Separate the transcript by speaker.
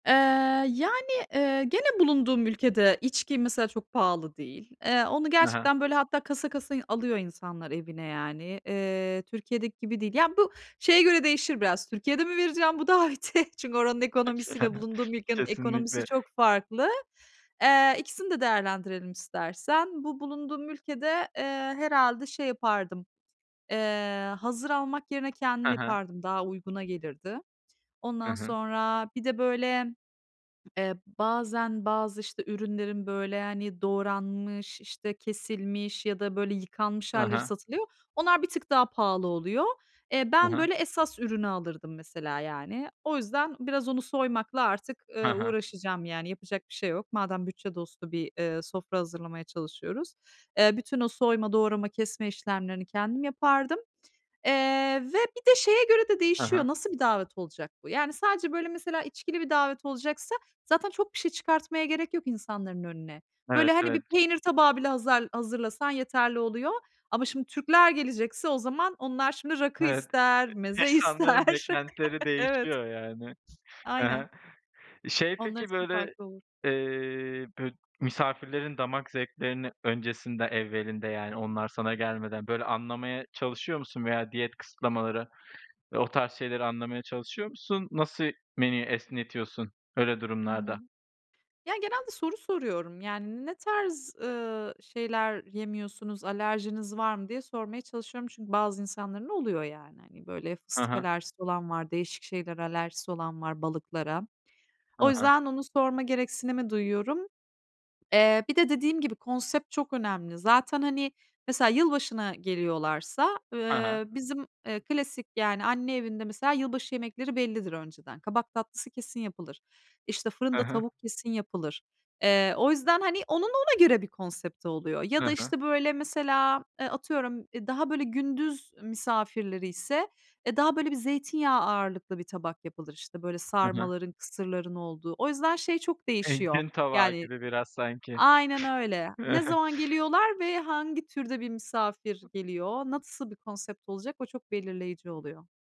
Speaker 1: Eee, yani, eee, gene bulunduğum ülkede içki mesela çok pahalı değil. Eee, onu
Speaker 2: Ha ha.
Speaker 1: gerçekten böyle hatta kasa kasa yı alıyor insanlar evine yani. Eee, Türkiye'deki gibi değil. Ya, bu şeye göre değişir biraz, Türkiye'de mi vereceğim bu daveti? Çünkü oranın
Speaker 2: [unintelligible]
Speaker 1: ekonomisiyle bulunduğum ülkenin ekonomisi
Speaker 2: Kesinlikle.
Speaker 1: çok farklı. Eee, ikisini de değerlendirelim istersen. Bu bulunduğum ülkede, eee, herhâlde şey yapardım, eee, hazır almak yerine kendim
Speaker 2: Ha ha.
Speaker 1: yapardım, daha uyguna gelirdi.
Speaker 2: Hı
Speaker 1: Ondan
Speaker 2: hı.
Speaker 1: sonra, bir de böyle, eee, bazen bazı, işte, ürünlerin böyle, hani, doğranmış, işte, kesilmiş ya da böyle yıkanmış
Speaker 2: Ha
Speaker 1: hâlleri
Speaker 2: ha.
Speaker 1: satılıyor. Onlar bir tık daha pahalı oluyor. Eee,
Speaker 2: Ha
Speaker 1: ben,
Speaker 2: ha.
Speaker 1: böyle, esas ürünü alırdım mesela, yani. O yüzden biraz onu soymakla artık,
Speaker 2: Ha
Speaker 1: ııı,
Speaker 2: ha.
Speaker 1: uğraşacağım yani yapacak bir şey yok. Madem bütçe dostu bir, eee, sofra hazırlamaya çalışıyoruz, eee, bütün o soyma, doğrama, kesme işlemlerini kendim yapardım, eee, ve bir de şeye göre de
Speaker 2: Ha
Speaker 1: değişiyor,
Speaker 2: ha.
Speaker 1: nasıl bir davet olacak bu? Yani sadece böyle mesela içkili bir davet olacaksa zaten çok bir şey çıkartmaya gerek yok insanların önüne.
Speaker 2: Evet,
Speaker 1: Böyle, hani,
Speaker 2: evet.
Speaker 1: bir peynir tabağı bile hazel hazırlasan yeterli oluyor. Ama, şimdi, Türkler gelecekse o zaman onlar, şimdi, rakı
Speaker 2: Evet,
Speaker 1: ister,
Speaker 2: [unintelligible]
Speaker 1: meze
Speaker 2: insanların
Speaker 1: ister.
Speaker 2: beklentileri
Speaker 1: Evet.
Speaker 2: değişiyor yani. Ha
Speaker 1: Aynen.
Speaker 2: ha. Şey,
Speaker 1: Onlar
Speaker 2: peki,
Speaker 1: için
Speaker 2: böyle,
Speaker 1: farklı olur.
Speaker 2: eee, bü misafirlerin damak zevklerini öncesinde evvelinde yani onlar sana gelmeden, böyle, anlamaya çalışıyor musun veya diyet kısıtlamaları, eee, o tarz şeyleri anlamaya çalışıyor musun? Nasıl menüyü esnetiyorsun öyle
Speaker 1: Hı hı.
Speaker 2: durumlarda?
Speaker 1: Ya, genelde soru soruyorum. Yani, "Ne tarz, ııı, şeyler yemiyorsunuz, alerjiniz var mı?" diye sormaya çalışıyorum çünkü bazı insanların oluyor, yani. Hani, böyle,
Speaker 2: Ha
Speaker 1: fıstık
Speaker 2: ha.
Speaker 1: alerjisi olan var, değişik şeylere alerjisi olan var, balıklara.
Speaker 2: Hı
Speaker 1: O
Speaker 2: hı.
Speaker 1: yüzden onu sorma gereksinimi duyuyorum. Eee, bir de dediğim gibi, konsept çok önemli. Zaten, hani, mesela yılbaşına geliyorlarsa,
Speaker 2: Ha ha.
Speaker 1: ııı, bizim, eee, klasik yani anne evinde mesela yılbaşı yemekleri bellidir önceden. Kabak tatlısı kesin yapılır. İşte,
Speaker 2: Hı
Speaker 1: fırında
Speaker 2: hı.
Speaker 1: tavuk kesin yapılır. Eee, o yüzden, hani, onun ona göre bir konsepti oluyor. Ya da,
Speaker 2: Hı hı.
Speaker 1: işte, böyle, mesela, eee, atıyorum, eee, daha, böyle, gündüz misafirleri ise, eee, daha böyle bir zeytinyağı ağırlıklı bir tabak yapılır, işte, böyle,
Speaker 2: Hı hı.
Speaker 1: sarmaların, kısırların olduğu. O yüzden şey çok
Speaker 2: Eee,
Speaker 1: değişiyor
Speaker 2: gün tabağı
Speaker 1: yani
Speaker 2: gibi biraz sanki.
Speaker 1: Aynen öyle. Ne zaman geliyorlar ve hangi türde bir misafir geliyor? Nasıl bir konsept olacak? O çok belirleyici oluyor.